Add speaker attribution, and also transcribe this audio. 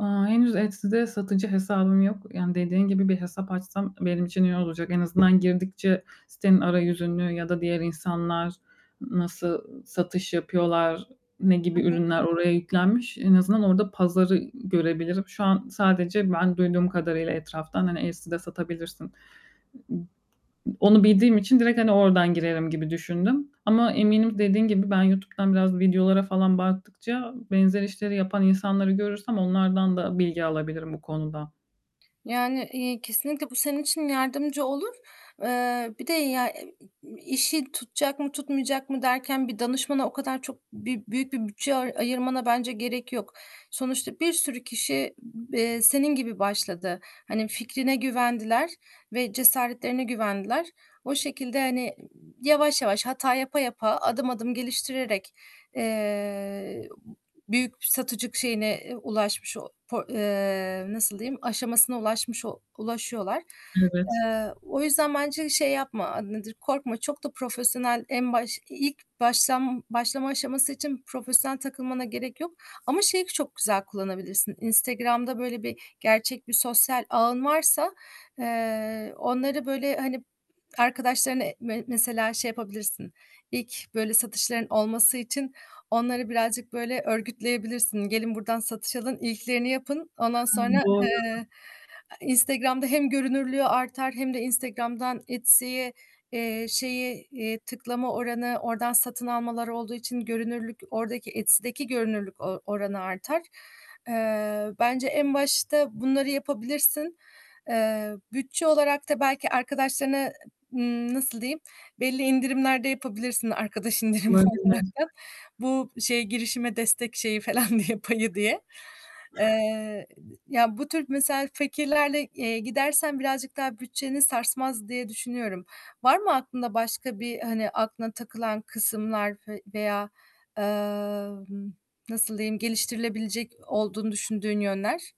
Speaker 1: Eee, henüz Etsy'de satıcı hesabım yok. Yani, dediğin gibi bir hesap açsam benim için iyi olacak. En azından girdikçe sitenin arayüzünü ya da diğer insanlar nasıl satış yapıyorlar, ne
Speaker 2: Hı
Speaker 1: gibi
Speaker 2: hı.
Speaker 1: ürünler oraya yüklenmiş, en azından orada pazarı, görebilirim. Şu an, sadece ben duyduğum kadarıyla etraftan hani Etsy'de satabilirsin. Onu bildiğim için direkt, hani, oradan girerim gibi düşündüm. Ama eminim dediğin gibi ben YouTube'dan biraz videolara falan baktıkça, benzer işleri yapan insanları görürsem onlardan da bilgi alabilirim bu konuda.
Speaker 2: Yani, eee, kesinlikle bu senin için yardımcı olur. Eee, bir de ya, ı i işi tutacak mı tutmayacak mı derken bir danışmana o kadar çok bir büyük bir bütçe ay ayırmana bence gerek yok. Sonuçta bir sürü kişi, b eee, senin gibi başladı. Hani, fikrine güvendiler ve cesaretlerine güvendiler. O şekilde, hani, ııı, yavaş yavaş, hata yapa yapa, adım adım geliştirerek, eee, büyük satıcılık şeyine eee, ulaşmış, o po eee, nasıl diyeyim, aşamasına ulaşmış o ulaşıyorlar.
Speaker 1: Evet.
Speaker 2: Eee, o yüzden bence şey yapma. A, nedir? Korkma. Çok da profesyonel en baş ilk başlan başlama aşaması için profesyonel takılmana gerek yok. Ama şeyi çok güzel kullanabilirsin. Instagram'da böyle bir gerçek bir sosyal ağın varsa, eee, onları, böyle, hani, arkadaşlarınla me mesela şey yapabilirsin. İlk, böyle, satışların olması için onları birazcık, böyle, örgütleyebilirsin. Gelin buradan satış alın, ilklerini yapın. Ondan
Speaker 1: Ha,
Speaker 2: sonra,
Speaker 1: doğru.
Speaker 2: eee, Instagram'da hem görünürlüğü artar hem de Instagram'dan Etsy'ye, eee, şeyi, iii, tıklama oranı oradan satın almalar olduğu için, görünürlük ordaki Etsy'deki görünürlük o oranı artar. Eee, bence en başta bunları yapabilirsin. Eee, bütçe olarak da belki arkadaşlarına, ımm, nasıl diyeyim, belli indirimlerde yapabilirsin arkadaş indirimi
Speaker 1: Olabilir.
Speaker 2: olaraktan. Bu şeye girişime destek şeyi falan diye, payı diye. Eee, ya bu tür mesela fikirlerle, eee, gidersen birazcık daha bütçeni sarsmaz diye düşünüyorum. Var mı aklında başka bir, hani, aklına takılan kısımlar ve veya, eee, nasıl diyeyim geliştirilebilecek olduğunu düşündüğün yönler?